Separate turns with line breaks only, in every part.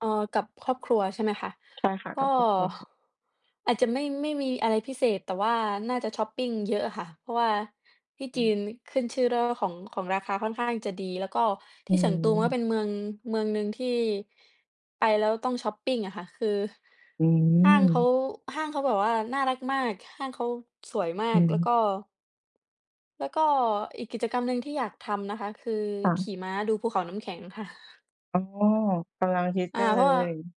เอ่อ กับครอบครัว ใช่ไหมคะ
ใช่ค่ะ
ก
ก
็
ับครอบครัว
อาจจะไม่ ไม่มีอะไรพิเศษ แต่ว่าน่าจะชอปปิงเยอะอะค่ะ เพราะว่าที่
อ
จ
ื
ี
ม
นขึ้นเรื่องชื่อของ ของราคาค่อนข้างจะดี แล้วก็
อ
ท
ื
ี่เฉิงตูมันก็
ม
เป็นเมือง เมืองหนึ่งที่ไปแล้วต้องชอปปิงอะค่ะ คือ
อื
ห้างเขา
ม
ห้างเขาแบบว่าน่ารักมาก ห้างเขาสวยมา
อ
ก แล้ว
ืม
ก็ แล้วก็อีกกิจกรรมหนึ่งที่อยากทำนะคะ คือ
ค่
ข
ะ
ี่ม้าดูภูเขาน้ำแข็งค่ะ
อ๋อ กำลังฮิต
อ
ก
า
ันเ
เ
ล
พราะว่า
ย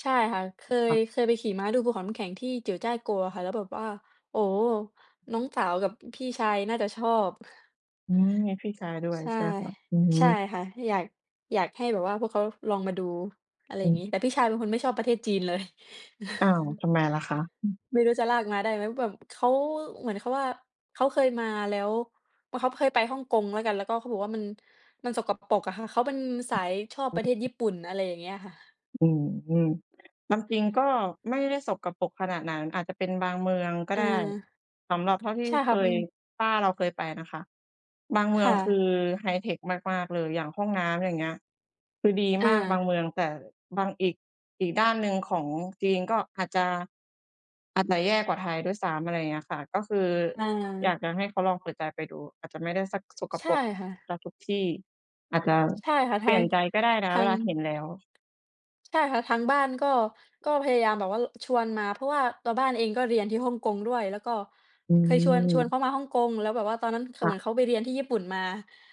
ใช่ค่ะ เค
ค
ย
่ะ
เคยไปขี่ม้าดูภูเขาน้ำแข็งที่ Jiuzhaigou อะค่ะ แล้วแบบว่า โอ้โฮ น้องสาวกับพี่ชายน่าจะชอบ
อืม มีพี่ชายด้วย
ใช่
ใช่ไหมคะ? อือฮ
ใช่
ึ
ค่ะ อยาก อยากให้แบบว่าพวกเขาลองมาดู อะไร
อื
อย่างงี้
ม
แต่พี่ชายเป็นคนไม่ชอบประเทศจีนเลย
อ้าว ทำไมล่ะคะ?
ไม่รู้จะลากมาได้ไหม แบบเขา เหมือนเขาว่า เขาเคยมาแล้ว อ้อ เขาเคยไปฮ่องกงแล้วกัน แล้วก็เขาบอกว่ามัน มันสกปรกอะค่ะ เขาเป็นสายชอบประเทศญี่ปุ่น อะไรอย่างเงี้ยค่ะ
อืม ความจริงก็ไม่ได้สกปรกขนาดนั้น อาจจะเป็นบางเมืองก็
อา
ได้ สำหรับเท่าที่
ใช่
เค
ค่ะ อื
ย
ม
ป้าเราเคยไปนะคะ บางเมื
ค
อง
่
คือ
ะ
ไฮเทกมาก ๆ เลย อย่างห้องน้ำ อย่างเงี้ย คือดี
อ
มากบาง
า
เมือง แต่บางอีก อีกด้านหนึ่งของจีนก็อาจจะ อาจจะแย่กว่าไทยด้วยซ้ำ อะไรอย่างเงี้ยค่ะ ก็คือ
อ
อยาก
า
จะให้เขาลองเปิดใจไปดู อาจจะไม่ได้สักสก
ใช
ป
่
รก
ค่
เ
ะ
สียทุกที่ อาจจะ
ใช่ค่ะ
เป
ท
ล
า
ี่ย
ง
นใจก็ได้นะ
ทา
เว
ง
ลาเห็นแล้ว
ใช่ค่ะ ทางบ้านก็ ก็พยายามแบบว่า ล ชวนมา เพราะว่าตัวบ้านเองก็เรียนที่ฮ่องกงด้วย แล้วก็
อื
เคยชวน ชวน
ม
เขามาฮ่องกง แล้วแบบว่าตอนนั้น ข
ค
เ
่
หมื
ะ
อนเขาไปเรียนที่ญี่ปุ่นมา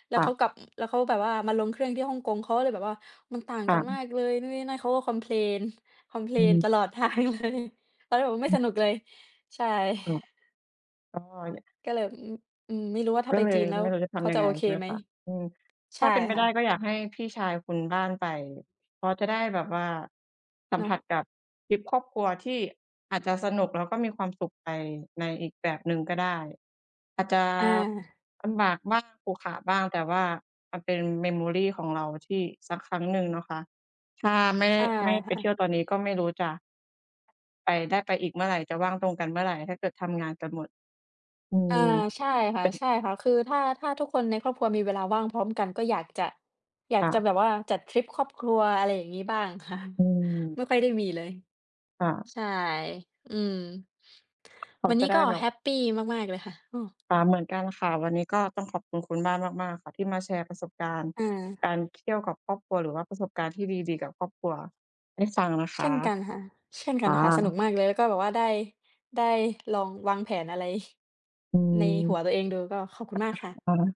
แล้
ค
ว
่
เขา
ะ
กลับ แล้วเขาแบบว่ามาลงเครื่องที่ฮ่องกง เขาก็เลยแบบว่า มันต่าง
ค่
กันม
ะ
ากเลยนู่นนี่นั่น เขาก็คอมเพลน คอมเพล
อื
น
ม
ตลอด ทางเลย ตอนนั้นแบบก็ไม่
อื
ส
อ
นุกเลย ใช่
ก็เลย
ก็เลย อืม อืม ไม่รู้ว่าถ้
ก
า
็
ไป
เล
จี
ย
นแล้
ไม
ว
่รู้จะท
เขา
ำยั
จ
ง
ะ
ไง
โอเค
ใช่ไหม
ไหม
คะ อืม
ใ
ถ
ช
้
่
าเป็นไป
ค่
ได้
ะ
ก็อยากให้พี่ชายคุณบ้านไป เพราะจะได้แบบว่าสัม
เน
ผ
าะ
ัสกับทริปครอบครัว ที่อาจจะสนุกแล้วก็มีความสุขไปในอีกแบบหนึ่งก็ได้ อาจจะ
อา
ลำบากบ้าง ขรุขระบ้าง แต่ว่ามันเป็น Memory ของเราที่สักครั้งหนึ่งนะคะ ถ้าไม่
ใช่
ไม่ไ
ค
ป
่
เท
ะ
ี่ยวตอนนี้ก็ไม่รู้จะ ไป ได้ไปอีกเมื่อไร จะว่างตรงกันเมื่อไร ถ้าเกิดทำงานกันหมด อื
อา
ม
ใช่ค่
เ
ะ
ป็น
ใช่ค่ะ คือถ้า ถ้าทุกคนในครอบครัวมีเวลาว่างพร้อมกัน ก็อยากจะ อยา
ค
ก
่
จะ
ะ
แบบว่าจัดทริปครอบครัว อะไรอย่างงี้บ้างค่ะ
อือ
ไม่ค่อยได้มีเลย
ค่ะ
ใช่ อืม
เขา
วัน
จ
น
ะ
ี้
ได้
ก็
แบ
แ
บ
ฮปปีมาก ๆ เลยค่ะ อือ
อา เหมือนกันค่ะ วันนี้ก็ต้องขอบคุณคุณบ้านมาก ๆ ค่ะ ที่มาแชร์ประสบการณ์
อา
การเที่ยวกับครอบครัว หรือว่าประสบการณ์ที่ดี ๆ กับครอบครัวให้ฟังนะ
เ
ค
ช่
ะ
นกันค่ะ เช่นก
ค
ัน
่
ค่ะ สนุก
ะ
มากเลย แล้วก็แบบว่าได้ ได้ลองวางแผนอะไร
อื
ใน
อ
หัวตัวเองดู ก็ขอบคุณมากค่ะ
ค่ะ